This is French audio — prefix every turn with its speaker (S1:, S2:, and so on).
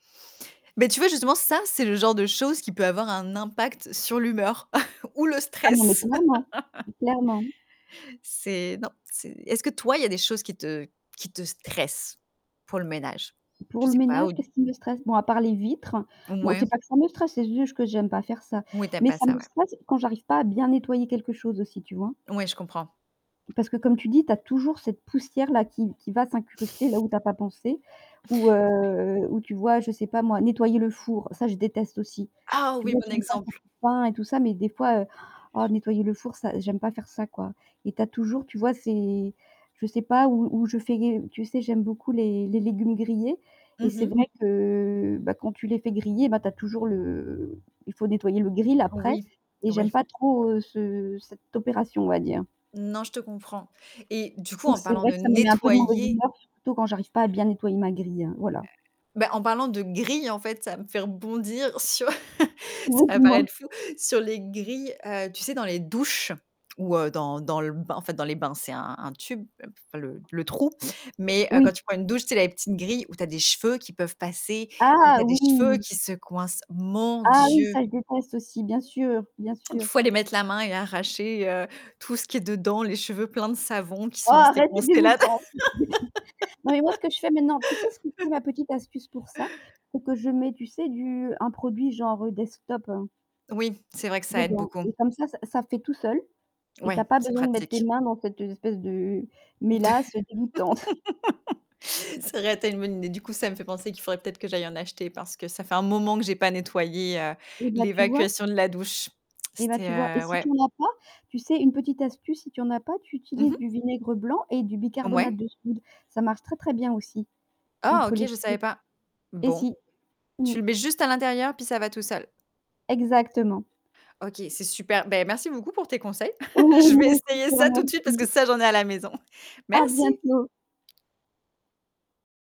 S1: Beh, tu vois justement ça, c'est le genre de choses qui peut avoir un impact sur l'humeur ou le
S2: Ah non, mais
S1: stress.
S2: clairement. Clairement.
S1: C'est non, c'est est-ce que toi il y a des choses qui te qui te stressent pour le ménage?
S2: Pour
S1: Je
S2: le
S1: sais pas
S2: ménage,
S1: ou
S2: qu'est-ce qui me stresse? Bon à part les vitres, bon
S1: Mouais.
S2: c'est pas que ça me stresse, c'est juste que j'aime pas faire ça.
S1: Oui tu aimes
S2: Mais
S1: pas
S2: ça
S1: ça,
S2: me
S1: ouais.
S2: stresse quand j'arrive pas à bien nettoyer quelque chose aussi tu vois?
S1: Oui, je comprends.
S2: Parce que comme tu dis, tu as toujours cette poussière-là qui qui va s'incruster là où tu as pas pensé, ou,
S1: Ouais.
S2: heu, ou tu vois je sais pas moi nettoyer le four, ça je déteste aussi.
S1: Ah
S2: Tu
S1: oui,
S2: vois
S1: bon
S2: j'aime pas faire
S1: exemple.
S2: [unintelligible] et tout ça mais des fois, ah nettoyer le four ça j'aime pas faire ça quoi. Et tu as toujours, tu vois, c'est je sais pas où où je fais, tu sais j'aime beaucoup les les légumes grillés et
S1: Mmh
S2: c'est
S1: mh.
S2: vrai que, heu, bah quand tu les fais griller, bah, tu as toujours le il faut nettoyer le grill après
S1: Oui,
S2: et j'aime
S1: oui.
S2: pas trop ce cette opération on va dire.
S1: Non, je te comprends. Et du coup,
S2: Donc
S1: en
S2: c'est
S1: parlant
S2: vrai
S1: de
S2: que ça me met un peu de mauvaise
S1: nettoyer
S2: humeur surtout quand j'arrive pas à bien nettoyer ma grille, voilà.
S1: Bah en parlant de grille, en fait, ça me fait rebondir sur, ça
S2: Oui
S1: va
S2: dis-moi.
S1: paraître fou, sur les grilles, heu, tu sais, les douches ou, heu, dans dans le bain, en fait dans les bains, c'est un tube, enfin le le trou. Mais, heu, quand
S2: Oui.
S1: tu prends une douche, tu sais la petite grille où tu as des cheveux qui peuvent passer, où
S2: Ah
S1: tu as des cheveux
S2: oui.
S1: qui se coincent. Mon
S2: Ah oui,
S1: Dieu!
S2: ça je déteste aussi, bien sûr, bien
S1: Il
S2: sûr.
S1: faut aller mettre la main et arracher, heu, tout ce qui est dedans, les cheveux pleins de savons qui sont
S2: Ah
S1: restés
S2: arrête c'est
S1: coincé là.
S2: dégouttant. [unintelligible] Non mais moi ce que je fais maintenant, tu sais ce qui [unintelligible] la petite astuce pour ça? C'est que je mets, tu sais du un produit genre, heu, Destop, heu
S1: Oui, c'est vrai que ça aide
S2: dedans
S1: beaucoup.
S2: et comme ça, ça fait tout seul et tu
S1: Ouais,
S2: as pas
S1: c'est
S2: besoin de mettre tes
S1: pratique.
S2: mains dans cette espèce de, heu, mélasse dégoûtante.
S1: Ça aurait été une bonne idée. Du coup, ça me fait penser qu'il faudrait peut-être que j'aille en acheter parce que ça fait un moment que j'ai pas nettoyé, heu,
S2: Et bah tu vois?
S1: l'évacuation de la douche.
S2: Et bah
S1: C'était,
S2: tu vois et
S1: heu
S2: si
S1: ouais.
S2: tu en as pas, tu sais une petite astuce, si tu en as pas, tu
S1: Mmh
S2: utilises
S1: mh.
S2: du vinaigre blanc et du bicarbonate
S1: Mouais.
S2: de soude. Ça marche très très bien aussi
S1: Oh
S2: contre
S1: OK,
S2: les
S1: je savais
S2: cheveux.
S1: pas.
S2: Et
S1: Bon,
S2: si, mmh.
S1: tu le mets juste à l'intérieur, puis ça va tout seul.
S2: Exactement.
S1: OK, c'est super. Ben merci beaucoup pour tes conseils.
S2: Oui
S1: Je vais
S2: moi aussi je
S1: essayer
S2: te
S1: ça tout de suite parce que
S2: remercie.
S1: ça, j'en ai à la maison.
S2: À
S1: Merci.
S2: bientôt.